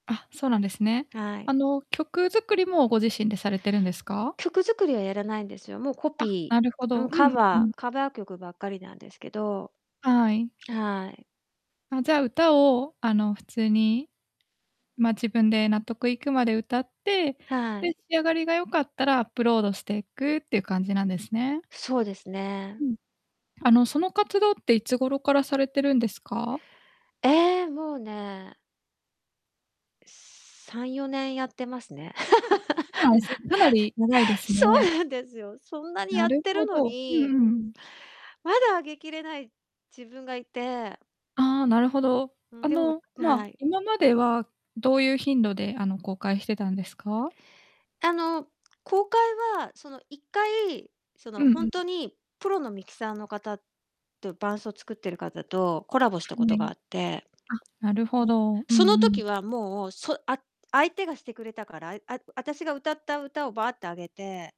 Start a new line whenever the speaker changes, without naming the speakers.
あ、そうなんですね。
はい。
あの、曲作りも、ご自身でされてるんですか？
曲作りはやらないんですよ。もう、コ
あ、
ピ
なるほ
ーう
ど、
ん。
う
カ
んう
バ
ん。
ーカバー曲ばっかりなんですけど、
はい。
はい。
あ、じゃあ、歌を、あの普通に、まあ、自分で納得いくまで歌って、
はい。
で、仕上がりが良かったらアップロードしてくっていう感じなんですね。
そうですね。
うん。あの、その活動って、いつ頃からされてるんですか？
ええ、もうね3、4年やってますね。
あ、そうなんです。かなり長い です
そ
ね。
うなんですよ。そんなに
な
やっ
る
て
ほ
るの
ど、うん
に
うんうん。
まだ、あげきれない自分がいて。
ああ、なるほど。
う
あ
ん、でも
の、まあ、
はい。
今まではどういう頻度で、あの、公開してたんですか？
あの、公開は、その1回、そ
う
の、
ん
ほ
う
ん
ん。
とにプロのミキサーの方と伴奏を作ってる方とコラボした
う
こ
ん、
と
え
が
え。
あって。
あ、なるほど。うん
その
う
時
ん。
は、もう、そあ相手がしてくれたから、ああたしが歌った歌をバーってあげて